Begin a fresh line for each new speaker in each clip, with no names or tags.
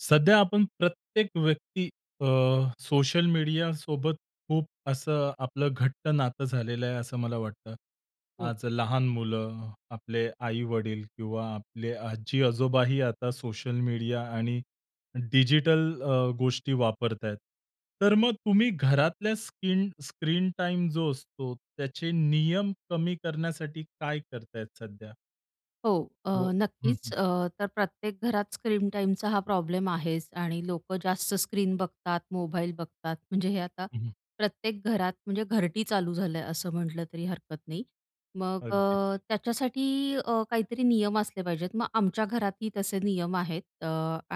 सध्या आपण प्रत्येक व्यक्ती अ, सोशल मीडियासोबत खूप असं आपलं घट्ट नातं झालेलं आहे, असं मला वाटतं.
हो.
आज लहान मुलं, आपले आई-वडील किंवा आपले आजी-आजोबाही आता सोशल मीडिया आणि डिजिटल अ, गोष्टी वापरतायेत. तर मग तुम्ही घरातल्या स्क्लीन स्क्रीन टाईम जो असतो त्याचे नियम कमी करण्यासाठी काय करतायेत सध्या?
हो. अ,
व हं,
नक्कीच
हं.
अ, तर प्रत्येक घरात स्क्रीन टाईमचा हा प्रॉब्लेम आहेच आणि लोकं जास्त स्क्रीन बघतात, मोबाईल बघतात म्हणजे हे आता
हं, हं.
प्रत्येक घरात, म्हणजे घरटी चालू झालं, असं म्हटलं तरी हरकत नाही. मग अ,
अगदी.
त्याच्यासाठी अ, काहीतरी नियम असले पाहिजेत. मग आमच्या घरातही तसे नियम आहेत. अ,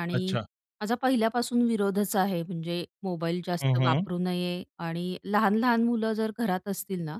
आणि
अच्छा.
माझा पहिल्यापासून विरोधच आहे म्हणजे मोबाईल
हं,
जास्त
हं.
वापरू नये आणि लहान-लहान मुलं जर घरात असतील ना,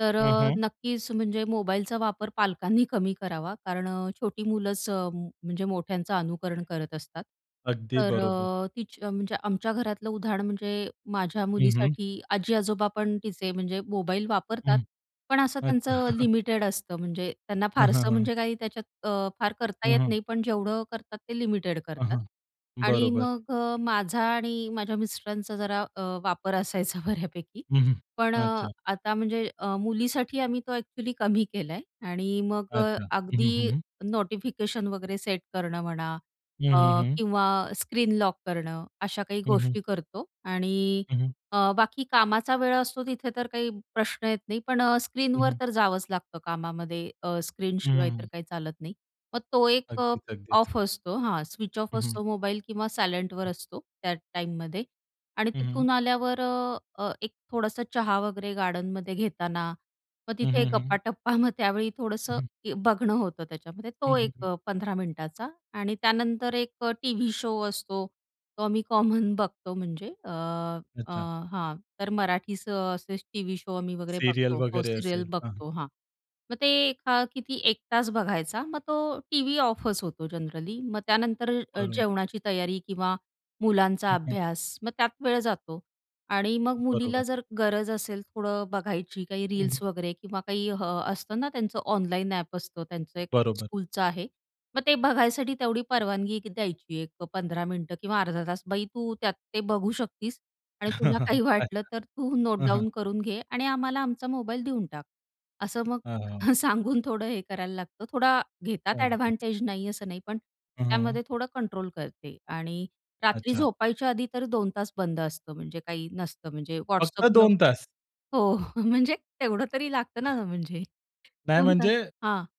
तर
हं,
अ,
हं.
नक्कीच म्हणजे मोबाईलचा वापर पालकांनी कमी करावा कारण अ, छोटी मुलंच म्हणजे मोठ्यांचं अनुकरण करत असतात.
अगदी
तर
बरोबर.
अ, तिच म्हणजे आमच्या घरातलं उदाहरण म्हणजे माझ्या
हं, हं.
मुलीसाठी आजी, आजोबा पण तिचे म्हणजे मोबाईल वापरतात,
हं.
पण असं
अच्छा.
त्यांचं लिमिटेड असतं. म्हणजे त्यांना
हं, हं,
फारसं
हं.
म्हणजे काही त्याच्यात अ, फार करता
हं,
येत
हं.
नाही. पण जेवढं करतात ते लिमिटेड
हं,
करतात
हं,
आणि
बरोबर.
मग अ, माझा आणि माझ्या मिस्टरांचा जरा अ, वापर असायचा बऱ्यापैकी.
हं, हं.
पण अ,
अच्छा.
आता म्हणजे अ, मुलीसाठी आम्ही तो अ‍ॅक्चुअली कमी केलाय आणि मग अ,
अच्छा. हं, हं, हं,
अगदी
हं.
नोटिफिकेशन वगैरे सेट करणं म्हणा
हं,
अ,
हं, हं.
किंवा स्क्रीन लॉक करणं, अशा काही
हं, हं.
गोष्टी करतो आणि
हं, हं.
अ, बाकी कामाचा वेळ असतो तिथे तर काही प्रश्न येत नाही. पण अ,
हं,
स्क्रीनवर
हं.
तर जावंच लागतं कामामध्ये. अ,
हं,
स्क्रीनशिवाय तर
हं.
काही चालत नाही. मग तो एक अ,
अगदी, अगदीच.
ऑफ असतो. हां, स्विच ऑफ
हं, हं.
असतो मोबाईल किंवा सायलेंटवर असतो, त्या टाईममध्ये. आणि
हं, हं.
तिथून आल्यावर अ, अ, एक थोडंसं चहा वगैरे गार्डनमध्ये घेताना, मग
हं,
तिथे
हं, हं.
गप्पाटप्पा मग त्यावेळी थोडंसं
हं.
बघणं होतं त्याच्यामध्ये.
हं,
तो
हं,
एक
हं.
15 मिनिटाचा आणि त्यानंतर एक टीव्ही शो असतो. तो आम्ही कॉमन बघतो म्हणजे अ, अ,
अच्छा.
हां तर मराठीच असेच टीव्ही शो आम्ही वगैरे
सीरियल
बघतो. हो,
वगैरे
सीरियल
असेल. हं, हं.
बघतो हा मग ते एका किती 1 तास बघायचा मग तो टीव्ही ऑफच होतो जनरली. मग त्यानंतर अ,
बघणार.
जेवणाची तयारी किंवा मुलांचा
हं, हं.
अभ्यास. मग त्यात वेळ जातो आणि मग
बरोबर.
मुलीला जर गरज असेल थोडं बघायची काही
हं, हं.
रील्स वगैरे किंवा काही अ, असतं ना त्यांचं ऑनलाईन ॲप असतं, त्यांचं एक
बरोबर.
स्कूलचं आहे, मग ते बघायसाठी तेवढी परवानगी द्यायची एक अ, 15 मिनिटं किंवा अर्धा तास. "बाई तू त्यात ते बघू शकतीस आणि तुला काही
अच्छा.
वाटलं तर तू नोट
हं, हं.
डाउन करून घे आणि आम्हाला आमचा मोबाईल देऊन टाक." असं मग
अ, हां, हां.
सांगून थोडं हे करायला लागतं, थोडा घेतात
अगदीच.
अ‍ॅडव्हांटेज नाही असं नाही, पण
हं, हं.
त्यामध्ये थोडं कंट्रोल करते आणि रात्री
अच्छा.
झोपायच्या आधी तर 2 तास बंद असतं. म्हणजे काही नसतं म्हणजे
फक्त
WhatsAppन
2 तास?
हो, म्हणजे तेवढं तरी लागतं ना, म्हणजे
नाही,
2 तास,
म्हणजे
हां.